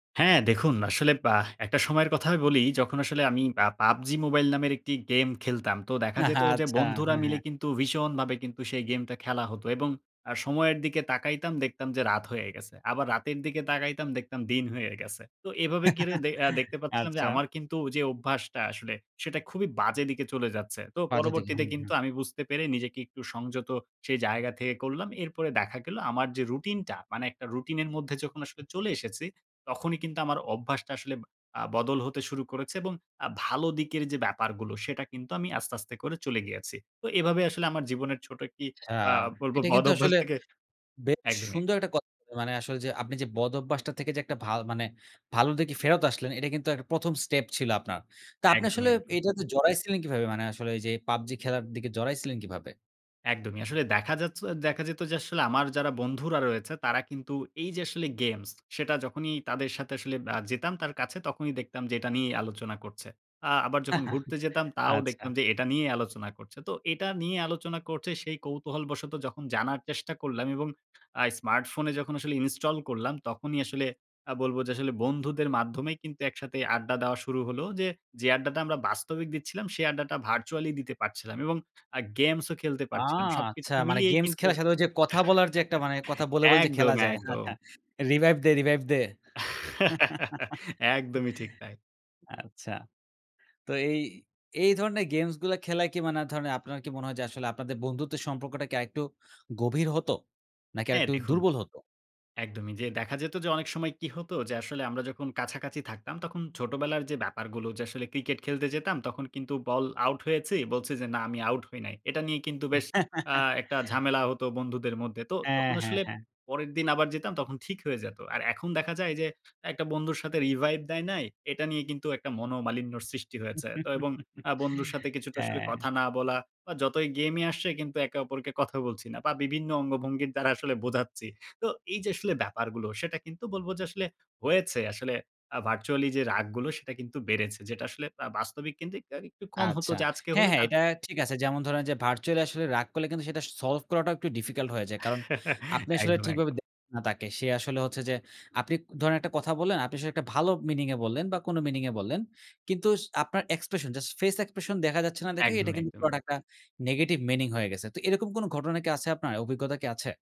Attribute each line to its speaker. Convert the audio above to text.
Speaker 1: হ্যাঁ, দেখুন আসলে আহ, একটা সময়ের কথা আমি বলি, যখন আসলে আমি আ "PUBG MOBILE" নামের একটি গেম খেলতাম। তো দেখা যেত যে,
Speaker 2: আচ্ছা,
Speaker 1: বন্ধুরা
Speaker 2: হ্যাঁ,
Speaker 1: মিলে
Speaker 2: হ্যাঁ।
Speaker 1: কিন্তু ভীষণভাবে কিন্তু সেই গেমটা খেলা হতো এবং আ সময়ের দিকে তাকাইতাম, দেখতাম যে রাত হয়ে গেছে। আবার রাতের দিকে তাকাইতাম, দেখতাম দিন হয়ে গেছে। তো এভাবে কিরে দে এ্যা দেখতে পাচ্ছিলাম যে
Speaker 2: আচ্ছা।
Speaker 1: আমার কিন্তু ঐ যে অভ্যাসটা আসলে, সেটা খুবই বাজে দিকে চলে যাচ্ছে। তো
Speaker 2: বাজে দিকে।
Speaker 1: পরবর্তীতে
Speaker 2: হুম, হুম।
Speaker 1: কিন্তু আমি বুঝতে পেরে নিজেকে একটু সংযত সেই জায়গা থেকে করলাম। এরপরে দেখা গেল আমার যে রুটিনটা, মানে একটা রুটিনের মধ্যে যখন আসলে চলে এসেছি, তখনই কিন্তু আমার অভ্যাসটা আসলে আ বদল হতে শুরু করেছে এবং আ ভালো দিকের যে ব্যাপারগুলো, সেটা কিন্তু আমি আস্তে, আস্তে করে চলে গিয়েছি। তো এভাবে আসলে আমার জীবনের ছোট একটি
Speaker 2: আচ্ছা।
Speaker 1: অ্যা বলবো
Speaker 2: এটা কিন্তু
Speaker 1: বদঅভ্যাস
Speaker 2: আসলে
Speaker 1: থেকে
Speaker 2: বেশ
Speaker 1: একদমই।
Speaker 2: সুন্দর একটা কথা বললেন। মানে আসলে যে আপনি যে বদভ্যাসটা থেকে যে একটা ভা মানে ভালোর দিকে ফেরত আসলেন, এটা কিন্তু একটা ১ম স্টেপ ছিল আপনার। তা আপনি
Speaker 1: একদমই,
Speaker 2: আসলে
Speaker 1: একদমই।
Speaker 2: এইটাতে জড়াইছিলেন কিভাবে? মানে আসলে এইযে "PUBG" খেলার দিকে জড়াইছিলেন কিভাবে?
Speaker 1: একদমই। আসলে দেখা যাচ্ছ দেখা যেত যে আসলে, আমার যারা বন্ধুরা রয়েছে; তারা কিন্তু এই যে আসলে গেমস, সেটা যখনই তাদের সাথে আসলে আ যেতাম তার কাছে তখনই দেখতাম যে এটা নিয়েই আলোচনা করছে। আ আবার যখন ঘুরতে যেতাম, তাও দেখতাম
Speaker 2: আচ্ছা।
Speaker 1: যে এটা নিয়েই আলোচনা করছে। তো এটা নিয়ে আলোচনা করছে, সেই কৌতূহল বশত যখন জানার চেষ্টা করলাম এবং আ স্মার্টফোনে যখন আসলে ইনস্টল করলাম তখনই আসলে আ বলবো যে আসলে বন্ধুদের মাধ্যমেই কিন্তু একসাথে আড্ডা দেওয়া শুরু হলো। যে, যে আড্ডাটা আমরা বাস্তবিক দিচ্ছিলাম সে আড্ডাটা virtually দিতে পারছিলাম এবং আ গেমসও খেলতে
Speaker 2: আহ,
Speaker 1: পারছিলাম। সবকিছু
Speaker 2: আচ্ছা! মানে
Speaker 1: মিলিয়েই
Speaker 2: গেমস
Speaker 1: কিন্তু
Speaker 2: খেলার সাথে ওই যে কথা বলার যে একটা মানে, কথা বলে, বলে যে খেলা
Speaker 1: একদম,
Speaker 2: যায়।
Speaker 1: একদম।
Speaker 2: revive দে, revive দে।
Speaker 1: একদমই, ঠিক তাই।
Speaker 2: আচ্ছা। তো এই এই ধরনের গেমসগুলা খেলায় কি মানে ধরেন আপনার কি মনে হয় যে আসলে আপনাদের বন্ধুত্বের সম্পর্কটা কি আরেকটু গভীর হতো? নাকি
Speaker 1: হ্যাঁ,
Speaker 2: আরেকটু
Speaker 1: দেখুন
Speaker 2: দুর্বল হতো?
Speaker 1: একদমই যে দেখা যেতো যে অনেক সময় কি হতো, যে আসলে আমরা যখন কাছাকাছি থাকতাম, তখন ছোটবেলার যে ব্যাপারগুলো যে আসলে ক্রিকেট খেলতে যেতাম তখন কিন্তু বল আউট হয়েছি, বলছি যে, "না, আমি আউট হই নাই।" এটা নিয়ে কিন্তু বেশ আ একটা ঝামেলা হতো বন্ধুদের মধ্যে। তো
Speaker 2: হ্যাঁ,
Speaker 1: তখন
Speaker 2: হ্যাঁ,
Speaker 1: আসলে
Speaker 2: হ্যাঁ।
Speaker 1: পরের দিন আবার যেতাম, তখন ঠিক হয়ে যেতো। আর এখন দেখা যায় যে একটা বন্ধুর সাথে revive দেয় নাই, এটা নিয়ে কিন্তু একটা মনোমালিন্যর সৃষ্টি হয়েছে তো এবং আ বন্ধুর সাথে কিছুটা আসলে
Speaker 2: হ্যাঁ।
Speaker 1: কথা না বলা বা যতই গেইম এ আসছে কিন্তু একে অপরকে কথা বলছি না বা বিভিন্ন অঙ্গভঙ্গির দ্বারা আসলে বোঝাচ্ছি। তো এই যে আসলে ব্যাপারগুলো, সেটা কিন্তু বলবো যে আসলে হয়েছে আসলে আ virtually যে রাগগুলো, সেটা কিন্তু বেড়েছে। যেটা আসলে আ বাস্তবিক কিন্তু আর একটু কম হতো
Speaker 2: আচ্ছা।
Speaker 1: যে আজকে
Speaker 2: হ্যাঁ,
Speaker 1: হলে
Speaker 2: হ্যাঁ
Speaker 1: কালক
Speaker 2: এটা ঠিক আছে। যেমন ধরেন যে, virtually আসলে রাগ করলে কিন্তু সেটা s solve করাটা একটু difficult হয়ে যায়। কারণ আপনি আসলে
Speaker 1: একদম, একদম।
Speaker 2: ঠিকভাবে দেখেন না তাকে। সে আসলে হচ্ছে যে, আপনি ধরেন একটা কথা বললেন, আপনি আসলে একটা ভালো meaning এ বললেন বা কোনো meaning এ বললেন। কিন্তু স আপনার expression, just face expression দেখা যাচ্ছে না দেখেই এটা
Speaker 1: একদম,
Speaker 2: কিন্তু
Speaker 1: একদম।
Speaker 2: পুরাটা একটা negative meaning হয়ে গেছে। তো এরকম কোনো ঘটনা কি আছে আপনার? অভিজ্ঞতা কি আছে?